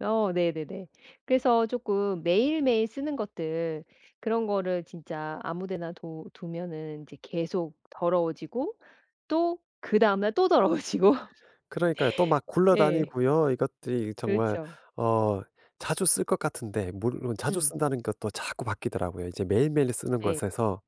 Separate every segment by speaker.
Speaker 1: 어 네네네. 그래서 쪼끔 매일매일 쓰는 것들 그런 거를 진짜 아무 데나 둬 두면은 인제 계속 더러워지고 또 그 다음날 또 더러워지고
Speaker 2: 그러니까요. 또 막
Speaker 1: 예.
Speaker 2: 굴러다니고요. 이것들이 정말
Speaker 1: 그렇죠.
Speaker 2: 어 자주 쓸 것 같은데 물론 자주
Speaker 1: 음.
Speaker 2: 쓴다는 것도 자꾸 바뀌더라고요. 이제 매일매일 쓰는
Speaker 1: 네.
Speaker 2: 것에서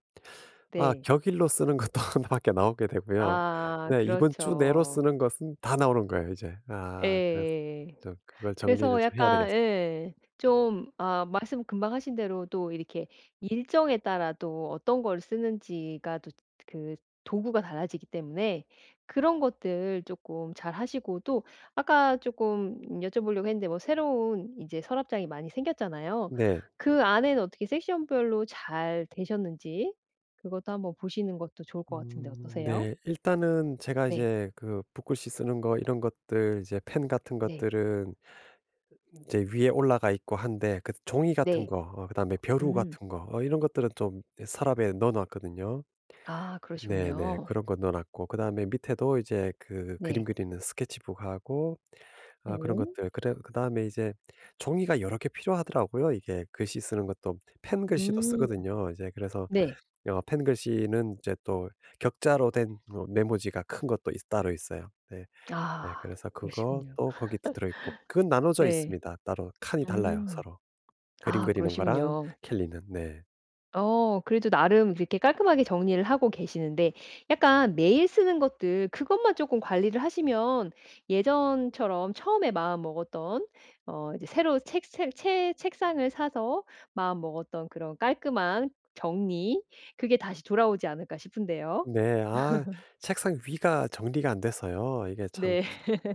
Speaker 2: 아
Speaker 1: 네.
Speaker 2: 격일로 쓰는 것도 하나밖에 나오게 되고요.
Speaker 1: 아.
Speaker 2: 네 이번 주 내로
Speaker 1: 그렇죠.
Speaker 2: 쓰는 것은 다 나오는 거예요 이제. 아 그래서
Speaker 1: 예.
Speaker 2: 저 그걸 정리를
Speaker 1: 그래서
Speaker 2: 좀 해야
Speaker 1: 약간
Speaker 2: 되겠어요.
Speaker 1: 예. 좀 아 말씀 금방 하신 대로 또 이렇게 일정에 따라 또 어떤 걸 쓰는지가 또 그 도구가 달라지기 때문에 그런 것들 쪼끔 잘 하시고 또 아까 쪼끔 여쭤보려고 했는데 뭐 새로운 인제 서랍장이 많이 생겼잖아요.
Speaker 2: 네.
Speaker 1: 그 안에는 어떻게 섹션 별로 잘 되셨는지 그것도 한번 보시는 것도 좋을 것 같은데
Speaker 2: 음.
Speaker 1: 어떠세요?
Speaker 2: 네. 일단은 제가
Speaker 1: 네.
Speaker 2: 이제 그 붓글씨 쓰는 거 이런 것들 이제 펜 같은
Speaker 1: 네.
Speaker 2: 것들은 인제 위에 올라가 있고 한데 그 종이 같은
Speaker 1: 네.
Speaker 2: 거 어 그다음에 벼루
Speaker 1: 음.
Speaker 2: 같은 거 이런 것들은 좀 어 서랍에 넣어 놨거든요.
Speaker 1: 아.
Speaker 2: 네네.
Speaker 1: 그러시군요.
Speaker 2: 그런 거 넣어 놨고 그다음에 밑에도 이제 그 그림
Speaker 1: 네.
Speaker 2: 그리는 스케치북하고 어 그런
Speaker 1: 네.
Speaker 2: 것들 그래 그다음에 이제 종이가 여러 개 필요하더라고요. 이게 글씨 쓰는 것도 펜글씨도
Speaker 1: 음.
Speaker 2: 쓰거든요. 이제 그래서
Speaker 1: 네.
Speaker 2: 어 펜글씨는 이제 또 격자로 된 뭐 메모지가 큰 것도 있 따로 있어요. 네. 네
Speaker 1: 아.
Speaker 2: 그래서
Speaker 1: 그러시군요.
Speaker 2: 그것도 거기도 들어 있고. 그건 나눠져
Speaker 1: 네.
Speaker 2: 있습니다 따로. 칸이 달라요
Speaker 1: 음.
Speaker 2: 서로. 그림
Speaker 1: 아
Speaker 2: 그리는 거랑
Speaker 1: 그러시군요.
Speaker 2: 캘리는. 네.
Speaker 1: 어 그래도 나름 그렇게 깔끔하게 정리를 하고 계시는데 약간 매일 쓰는 것들 그것만 쪼끔 관리를 하시면 예전처럼 처음에 마음 먹었던 어 이제 새로운 책샐 책 책상을 사서 마음 먹었던 그런 깔끔한 정리 그게 다시 돌아오지 않을까 싶은데요.
Speaker 2: 네. 아 책상 위가 정리가 안 돼서요. 이게 참
Speaker 1: 네.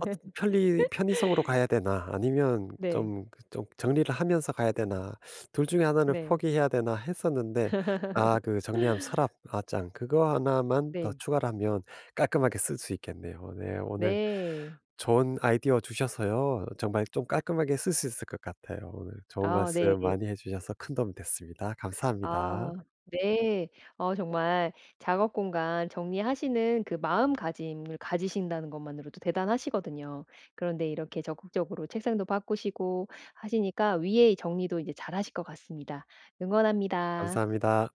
Speaker 2: 아 좀 편리 편의성으로 가야 되나 아니면
Speaker 1: 네.
Speaker 2: 좀 그 좀 정리를 하면서 가야 되나 둘 중에 하나는
Speaker 1: 네.
Speaker 2: 포기해야 되나 했었는데 아 그 정리함, 서랍 어 장 그거 하나만 더
Speaker 1: 네.
Speaker 2: 추가를 하면 깔끔하게 쓸 수 있겠네요. 네. 오늘
Speaker 1: 네.
Speaker 2: 좋은 아이디어 주셔서요 정말 좀 깔끔하게 쓸 수 있을 것 같아요. 오늘 좋은
Speaker 1: 아 네네.
Speaker 2: 말씀 많이 해주셔서 큰 도움이 됐습니다. 감사합니다.
Speaker 1: 아 네. 어 정말 작업 공간 정리하시는 그 마음가짐을 가지신다는 것만으로도 대단하시거든요. 그런데 이렇게 적극적으로 책상도 바꾸시고 하시니까 위에 정리도 인제 잘 하실 것 같습니다. 응원합니다.
Speaker 2: 감사합니다.